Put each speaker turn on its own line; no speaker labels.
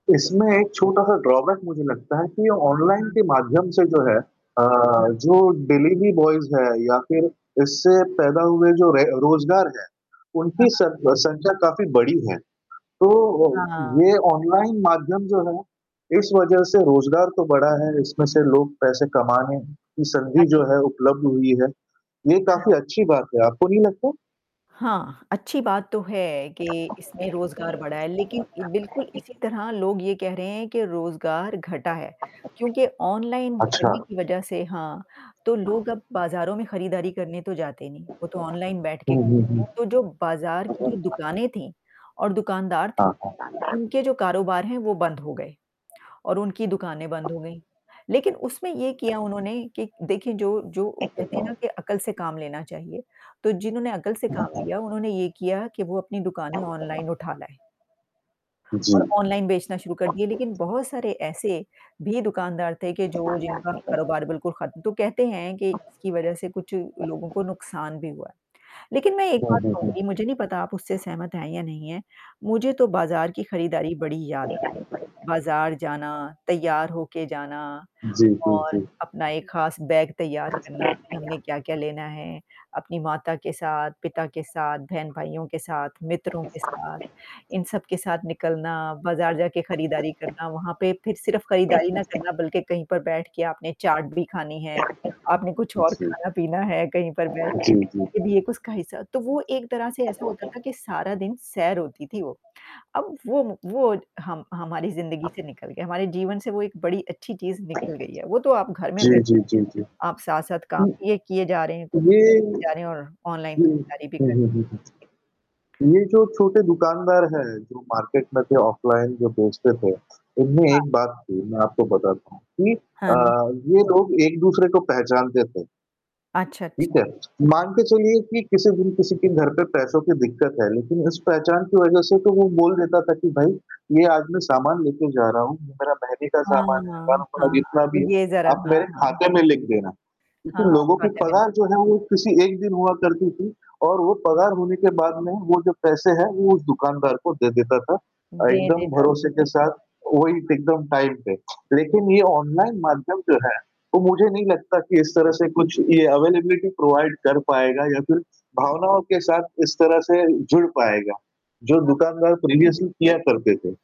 इसमें एक छोटा-सा ड्रॉबैक मुझे लगता है कि ये ऑनलाइन
हाँ।
के माध्यम से जो है अ,
हाँ।
जो डिलीवरी बॉयज़ हैं या फिर इससे पैदा हुए जो रे रोज़गार हैं।
हाँ,
उनकी
हाँ।
सर संख्या काफ़ी बड़ी है। तो अ,
हाँ।
ये ऑनलाइन माध्यम जो है। इस वजह से रोज़गार तो बढ़ा है, इसमें से लोग पैसे कमाने की
अच्छ
[unintelligible] जो है उपलब्ध हुई है। ये
हाँ,
काफ़ी
हाँ।
अच्छी बात है, आपको नहीं लगता?
हाँ, अच्छी बात तो है कि इसमें रोज़गार बढ़ा है लेकिन बिल्कुल इसी तरह लोग ये कह रहे हैं कि रोज़गार घटा है क्योंकि ऑनलाइन
अच्छा।
करने की वजह से हाँ तो लोग अब बाज़ारों में खरीदारी करने तो जाते नहीं, वो तो ऑनलाइन बैठ के
हुँ, हुँ, हुँ।
[unintelligible] तो जो बाज़ार की जो दुकानें थीं और दुकानदार थे।
हाँ, पसंद है।
उनके जो कारोबार हैं वो बंद हो गए और उनकी दुकानें बंद हो गईं। लेकिन उसमें ये किया उन्होंने कि देखिए जो जो कहते हैं ना कि अकल से काम लेना चाहिए। तो जिन्होंने अकल से काम लिया उन्होंने ये किया कि वो अपनी दुकानें ऑनलाइन उठा लाए।
जी।
और ऑनलाइन बेचना शुरू कर दिए लेकिन बहुत सारे ऐसे भी दुकानदार थे कि जो जिनका कारोबार बिल्कुल खत्म तो कहते हैं कि इसकी वजह से कुछ लोगों को नुकसान भी हुआ है। लेकिन मैं एक
हुँ,
बात
हुँ, हुँ।
कहूँगी मुझे नहीं पता आप उससे सहमत हैं या नहीं हैं। मुझे तो बाज़ार की खरीदारी बड़ी याद आती है। बाज़ार जाना, तैयार होके जाना
जी, जी,
और
जी।
अपना एक खास बैग तैयार करना, हमने क्या-क्या लेना है। अपनी माता के साथ, पिता के साथ, बहन-भाइयों के साथ, मित्रों के साथ, इन सबके साथ निकलना, बाज़ार जाके खरीदारी करना, वहाँ पे फिर सिर्फ़ खरीदारी ना करना बल्कि कहीं पर बैठ के आपने चाट भी खानी है। आपने कुछ और
जी।
खाना-पीना है कहीं पर बैठ
जी, जी, जी।
ये भी एक उसका हिस्सा तो वो एक तरह से ऐसा होता था कि सारा दिन सैर होती थी वो। अब वो वो हम हमारी ज़िंदगी से निकल गए हमारे जीवन से वो एक बड़ी अच्छी चीज़ निकल गई है वो तो आप घर में
जी,
बैठे
जी, जी, जी।
हैं आप साथ-साथ काम
हुँ।
ये किए जा रहे हैं कुछ
ये हुँ।
और ऑनलाइन खरीदारी भी
हुँ,
कर
हुँ, हुँ, हुँ। ये जो छोटे दुकानदार हैं जो मार्केट में थे ऑफ़लाइन जो बेचते थे, इनमें
हाँ।
एक बात थी मैं आपको बताता हूँ कि अ,
हाँ।
ये लोग एक-दूसरे को पहचानते थे।
अच्छा,
ठीक
अच्छा।
है। मान के चलिए कि किसी दिन किसी के घर पे पैसों की दिक्कत है लेकिन इस पहचान की वजह से तो वो बोल देता था कि भाई ये आज मैं सामान लेके जा रहा हूँ। मेरा महीने का
हाँ,
सामान
हाँ,
है,
हाँ,
हज़ारों का मतलब
हाँ, हाँ।
जितना भी है,
तो ये ज़रा
आप
हाँ,
मेरे
हाँ।
खाते में लिख देना। लेकिन
हाँ,
लोगों की
ख़ाते में लिख
पगार जो है वो किसी एक दिन हुआ करती थी और वो पगार होने के बाद में वो जो पैसे हैं वो उस दुकानदार को दे देता था। अ,
दे
एकदम
देता
भरोसे
था।
के साथ वही एकदम टाइम पे। लेकिन ये ऑनलाइन माध्यम जो है, तो मुझे नहीं लगता कि इस तरह से कुछ ये अवेलेबिलिटी प्रोवाइड कर पाएगा या फिर भावनाओं के साथ इस तरह से जुड़ पाएगा, जो
हाँ।
दुकानदार प्रीवियसली किया करते थे।